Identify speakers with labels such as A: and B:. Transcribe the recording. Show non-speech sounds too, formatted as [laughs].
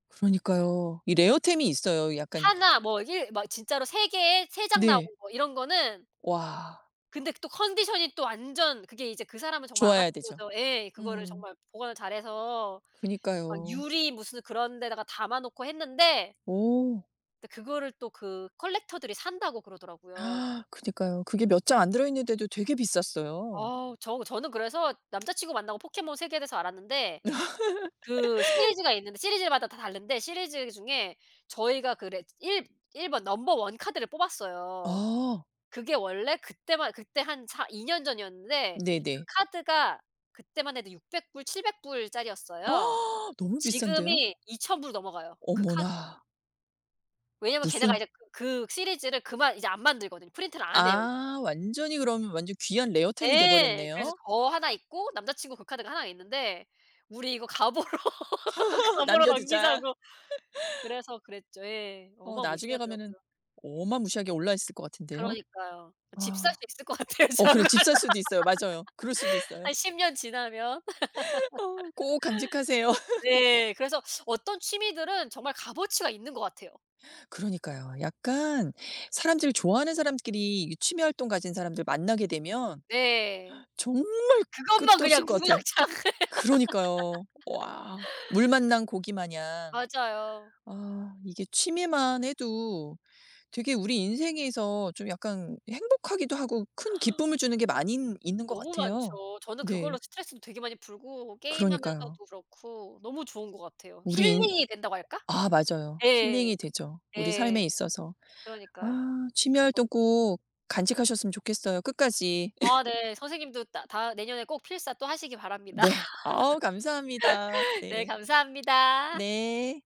A: 그러니까요. 이 레어템이 있어요. 약간
B: 1 뭐 1 막 진짜로 3 개에 3 장 나온
A: 네.
B: 거 이런 거는
A: 와.
B: 근데 또 컨디션이 또 완전 그게 이제 그 사람은 정말
A: 좋아야
B: 알았던
A: 되죠.
B: 거죠. 에 그거를
A: 음.
B: 정말 보관을 잘해서 막
A: 그니까요.
B: 유리 무슨 그런 데다가 담아 놓고 했는데
A: 오.
B: 근데 그거를 또 그 "컬렉터들이 산다."고 그러더라고요.
A: [gasps] 그니까요. 그게 몇 장 안 들어있는데도 되게 비쌌어요.
B: 어우 저 저는 그래서 남자친구 만나고 포켓몬 세계에 대해서 알았는데 그
A: [laughs]
B: 시리즈가 있는데 시리즈마다 다 다른데 시리즈 중에 저희가 그 레 1- 1 번 넘버 1 카드를 뽑았어요.
A: 어.
B: 그게 원래 그때만 그때 한 4 2 년 전이었는데 그
A: 네네.
B: 카드가 그때만 해도 600 불 700 불짜리였어요.
A: [gasps] 너무 비싼데요?
B: 지금이 2000 불 넘어가요 그 카드.
A: 어머나.
B: 왜냐면 걔네가
A: 무슨
B: 이제 그 시리즈를 그만 이제 안 만들거든. 프린트를 안 해요 이제.
A: 아 완전히 그러면 완전 귀한 레어템이 돼
B: 예. 그래서
A: 버렸네요.
B: 저 1 있고 남자친구 그 카드가 1 있는데 "우리 이거 가보로
A: [laughs]
B: 가보로
A: 남겨두자.
B: 남기자."고
A: [laughs]
B: 그래서 그랬죠. 예.
A: 어
B: 어마
A: 나중에 가면은
B: 무시하더라고요.
A: 어마 무시하게 올라있을 것 같은데요.
B: 그러니까요. 어 집 살
A: 아.
B: 수 있을 것 같아요
A: 어 그래
B: 저걸로.
A: 집 살 수도 있어요. 맞아요. 그럴 수도
B: [laughs]
A: 있어요.
B: 한 10 년 지나면.
A: 어 꼭 간직하세요.
B: [laughs]
A: [laughs]
B: 네. 그래서 [sucks teeth] 어떤 취미들은 정말 값어치가 있는 것 같아요.
A: 그러니까요. 약간 사람들 좋아하는 사람끼리 이 취미 활동 가진 사람들 만나게 되면
B: 네.
A: 정말
B: 그것만
A: 끝도 없을
B: 그냥
A: 것 같아요.
B: 주구장창.
A: 그러니까요. 와. 물
B: [laughs]
A: 만난 고기마냥.
B: 맞아요.
A: 아 이게 취미만 해도 되게 우리 인생에서 좀 약간 행복하기도 하고 큰
B: [gasps]
A: 기쁨을 주는 게 많이 있는 것
B: 너무
A: 같아요.
B: 많죠. 저는 그걸로
A: 네.
B: 스트레스도 되게 많이 풀고
A: 그러니까요.
B: 게임하면서도 그렇고 너무 좋은 것 같아요.
A: 우리 인
B: 힐링이 된다고 할까?
A: 아 맞아요. 힐링이
B: 예.
A: 되죠 우리 삶에
B: 예.
A: 있어서.
B: 그러니까요.
A: 아 취미 활동 꼭 간직하셨으면 좋겠어요 끝까지.
B: 아 네.
A: [laughs]
B: 선생님도 다 다 내년에 꼭 필사 또 하시기 바랍니다.
A: 네 어우 감사합니다.
B: [laughs] 네
A: 네.
B: 감사합니다.
A: 네.